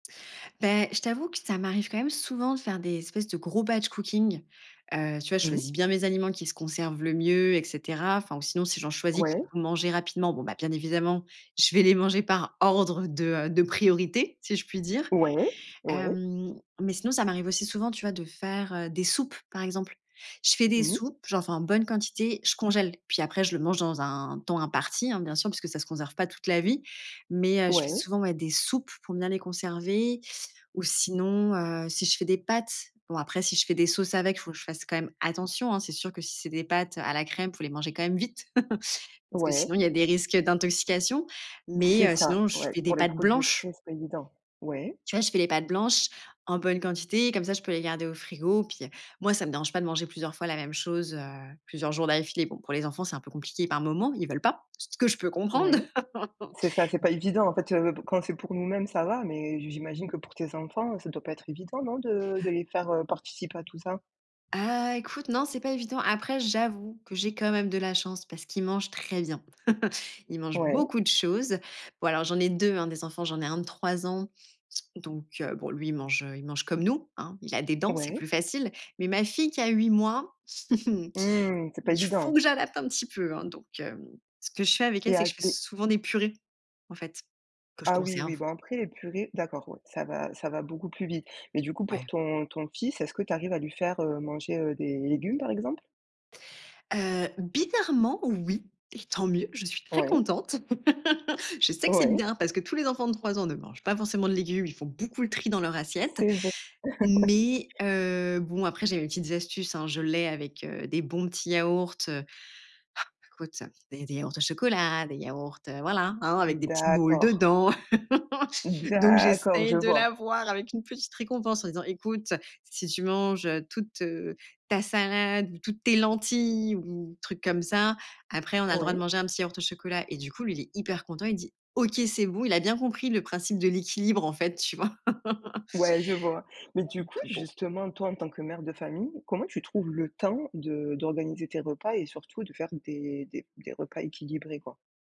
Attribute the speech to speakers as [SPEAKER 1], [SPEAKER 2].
[SPEAKER 1] Beh, je t'avoue que ça m'arrive quand même souvent de faire des espèces de gros batch cooking. Heu, tu vois, je
[SPEAKER 2] Mmh.
[SPEAKER 1] choisis bien mes aliments qui se conservent le mieux et cetera. Enfin, sinon, si j'en choisis, qu'il
[SPEAKER 2] Ouais.
[SPEAKER 1] faut manger rapidement, bon, bah, bien évidemment, je vais les manger par ordre de, heu, de priorité, si je puis dire.
[SPEAKER 2] Ouais, ouais.
[SPEAKER 1] Hem, mais sinon, ça m'arrive aussi souvent de faire, heu, des soupes. Par exemple, je fais des
[SPEAKER 2] Mmh mh.
[SPEAKER 1] soupes, j'en fais en bonne quantité, je congèle, puis après je le mange dans un temps imparti, hein, bien sûr, puisque ça se conserve pas toute la vie. Mais heu, je fais
[SPEAKER 2] Ouais.
[SPEAKER 1] souvent, ouais, des soupes pour bien les conserver. Ou sinon, heu, si je fais des pâtes, bon, après, si je fais des sauces avec, faut que je fasse quand même attention, hein. C'est sûr que si c'est des pâtes à la crème, faut les mangez quand même vite parce que
[SPEAKER 2] Ouais.
[SPEAKER 1] sinon, il y a des risques d'intoxication. Mais
[SPEAKER 2] C'est
[SPEAKER 1] heu,
[SPEAKER 2] ça,
[SPEAKER 1] sinon, je
[SPEAKER 2] ouais,
[SPEAKER 1] fais des
[SPEAKER 2] pour les
[SPEAKER 1] pâtes
[SPEAKER 2] produits
[SPEAKER 1] blanches
[SPEAKER 2] frais, c'est pas évident, ouais.
[SPEAKER 1] tu vois, je fais des pâtes blanches en bonne quantité comme ça, je peux les garder au frigo, puis, heu, moi ça me dérange pas de manger plusieurs fois la même chose, heu, plusieurs jours d'affilée. Bon, pour les enfants, c'est un peu compliqué par moment, ils veulent pas, ce que je peux comprendre.
[SPEAKER 2] Ouais. C'est ça, c'est pas évident, en fait, heu, quand c'est pour nous-mêmes, ça va. Mais j'imagine que pour tes enfants, ça doit pas être évident, non de de les faire, heu, participer à tout ça?
[SPEAKER 1] Heu, écoute, non, c'est pas évident. Après, j'avoue que j'ai quand même de la chance parce qu'ils mangent très bien. Ils mangent
[SPEAKER 2] Ouais.
[SPEAKER 1] beaucoup de choses. Bon, alors j'en ai 2, hein des enfants, j'en ai un de 3 ans. Donc heu, bon lui il mange il mange comme nous, hein, il a des dents, c'est
[SPEAKER 2] Ouais.
[SPEAKER 1] plus facile. Mais ma fille qui a 8 mois.
[SPEAKER 2] Mmh, c'est pas
[SPEAKER 1] Il faut
[SPEAKER 2] évident.
[SPEAKER 1] que j'adapte un petit peu, hein. Donc heu, ce je fais avec elle,
[SPEAKER 2] Et
[SPEAKER 1] c'est
[SPEAKER 2] a
[SPEAKER 1] que je fais
[SPEAKER 2] et
[SPEAKER 1] souvent des purées en fait, que je
[SPEAKER 2] Ah oui, oui
[SPEAKER 1] conserve.
[SPEAKER 2] bon après purée d'accord ça va ça va beaucoup plus vite. Mais du coup pour
[SPEAKER 1] Ouais.
[SPEAKER 2] ton ton fils est-ce que tu arrives à lui faire, heu, manger des légumes par exemple?
[SPEAKER 1] Heu, bizarrement, oui, et tant mieux. Je suis très
[SPEAKER 2] Ouais.
[SPEAKER 1] contente. Je sais que c'est
[SPEAKER 2] Ouais.
[SPEAKER 1] bien parce que tous les enfants de 3 ans ne mangent pas forcément de légumes. Ils font beaucoup le tri dans leur assiette.
[SPEAKER 2] C'est v
[SPEAKER 1] Mais heu, bon, après, j'ai mes petites astuces, hein. Je l'ai avec heu, des bons petits yaourts, heu. Ah, écoute, heu, des yaourts au chocolat, des yaourts, heu, voilà, avec des petites boules
[SPEAKER 2] D'accord.
[SPEAKER 1] dedans. Donc,
[SPEAKER 2] D'accord,
[SPEAKER 1] j'essaye
[SPEAKER 2] je
[SPEAKER 1] de
[SPEAKER 2] vois.
[SPEAKER 1] l'avoir avec une petite récompense en disant: «Écoute, si tu manges, heu, toute, heu, ta salade ou toutes tes lentilles ou truc comme ça, après on a le droit de
[SPEAKER 2] Ouais.
[SPEAKER 1] manger un petit yaourt au chocolat» et du coup lui il est hyper content, il dit: «OK c'est bon» il a bien compris le principe de l'équilibre en fait tu vois
[SPEAKER 2] Ouais, je vois. Mais du
[SPEAKER 1] donc
[SPEAKER 2] coup,
[SPEAKER 1] bon.
[SPEAKER 2] justement, toi en tant que mère de famille, comment tu trouves le temps de d'organiser tes repas et surtout de faire des des des repas équilibrés quoi?